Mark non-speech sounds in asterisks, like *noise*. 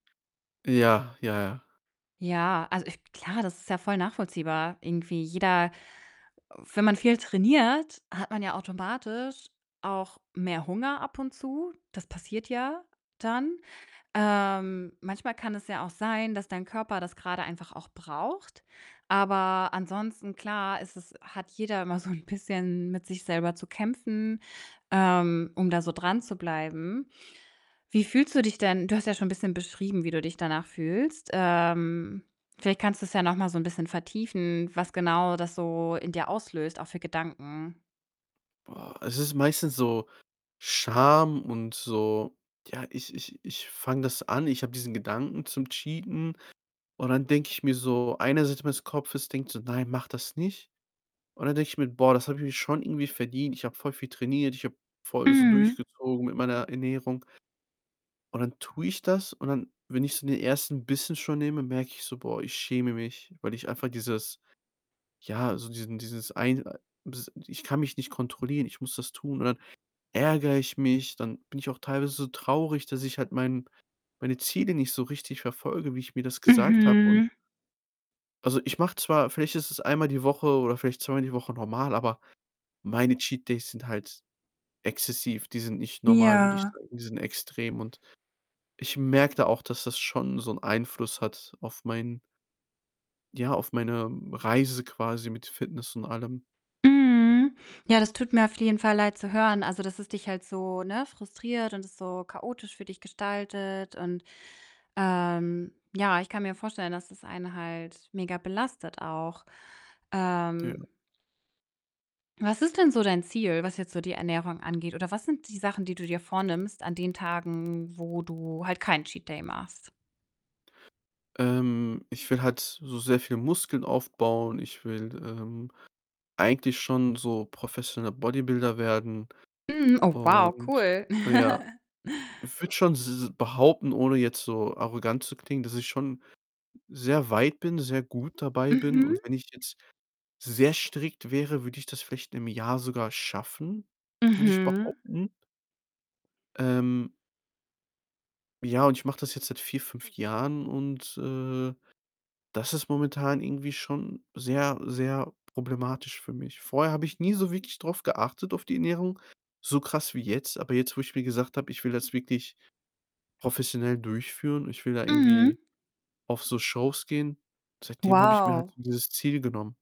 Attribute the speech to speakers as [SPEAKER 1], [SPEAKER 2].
[SPEAKER 1] Ja, ja, ja.
[SPEAKER 2] Ja, also, ich klar, das ist ja voll nachvollziehbar irgendwie. Jeder wenn man viel trainiert, hat man ja automatisch auch mehr Hunger ab und zu. Das passiert ja dann. Ähm, manchmal kann es ja auch sein, dass dein Körper das gerade einfach auch braucht, aber ansonsten, klar, ist es hat jeder immer so'n bisschen mit sich selber zu kämpfen, ähm, um da so dranzubleiben. Wie fühlst du dich denn? Du hast ja schon 'n bisschen beschrieben, wie du dich danach fühlst. Ähm, vielleicht kannst du's ja noch mal so 'n bisschen vertiefen, was genau das so in dir auslöst, auch für Gedanken.
[SPEAKER 1] Boah, es ist meistens so Scham und so, ja, ich ich ich fange das an, ich habe diesen Gedanken zum Cheaten und dann denke ich mir so eine Seite meines Kopfes denkt so: „Nein, mach das nicht.“, und dann denke ich mir: „Boah, das habe ich mir schon irgendwie verdient. Ich habe voll viel trainiert. Ich habe voll so
[SPEAKER 2] Mhm.
[SPEAKER 1] durchgezogen mit meiner Ernährung.“ Und dann tue ich das und dann, wenn ich so den 1. Bissen schon nehme, merke ich so: „Boah, ich schäme mich, weil ich einfach dieses ja, so diesen dieses ein äh, dies ich kann mich nicht kontrollieren, ich muss das tun.“, und dann ärgere ich mich, dann bin ich auch teilweise so traurig, dass ich halt mein meine Ziele nicht so richtig verfolge, wie ich mir das gesagt habe und
[SPEAKER 2] Mhm.
[SPEAKER 1] also, ich mache zwar vielleicht ist es einmal die Woche oder vielleicht zweimal die Woche normal, aber meine Cheat Days sind halt exzessiv. Die sind nicht normal, würde ich
[SPEAKER 2] Ja.
[SPEAKER 1] sagen. Die sind extrem. Und ich merke da auch, dass das schon so 'n Einfluss hat auf mein ja, auf meine Reise quasi mit Fitness und allem.
[SPEAKER 2] Mhm, ja, das tut mir auf jeden Fall Leid zu hören. Also, dass es dich halt so, ne, frustriert und es so chaotisch für dich gestaltet. Und, ähm ja, ich kann mir vorstellen, dass das einen halt mega belastet auch.
[SPEAKER 1] *unintelligible*
[SPEAKER 2] Ähm Was ist denn so dein Ziel, was jetzt so die Ernährung angeht? Oder was sind die Sachen, die du dir vornimmst an den Tagen, wo du halt keinen Cheat Day machst?
[SPEAKER 1] Ähm, ich will halt so sehr viel Muskeln aufbauen. Ich will, ähm, eigentlich schon so professioneller Bodybuilder werden.
[SPEAKER 2] Mhm, oh wow,
[SPEAKER 1] Und
[SPEAKER 2] cool.
[SPEAKER 1] ja,
[SPEAKER 2] *laughs*
[SPEAKER 1] ich würde schon s behaupten, ohne jetzt so arrogant zu klingen, dass ich schon sehr weit bin, sehr gut dabei bin, und
[SPEAKER 2] Mhm.
[SPEAKER 1] wenn ich jetzt sehr strikt wäre, würde ich das vielleicht im Jahr sogar schaffen, würde ich
[SPEAKER 2] Mhm.
[SPEAKER 1] behaupten. Ähm Ja, und ich mache das jetzt seit 4, 5 Jahren und, äh, das ist momentan irgendwie schon sehr, sehr problematisch für mich. Vorher habe ich nie so wirklich drauf geachtet auf die Ernährung, so krass wie jetzt. Aber jetzt, wo ich mir gesagt habe, ich will das wirklich professionell durchführen, ich will da irgendwie
[SPEAKER 2] Mhm.
[SPEAKER 1] auf so Shows gehen, seitdem habe ich mir halt
[SPEAKER 2] Wow.
[SPEAKER 1] so dieses Ziel genommen.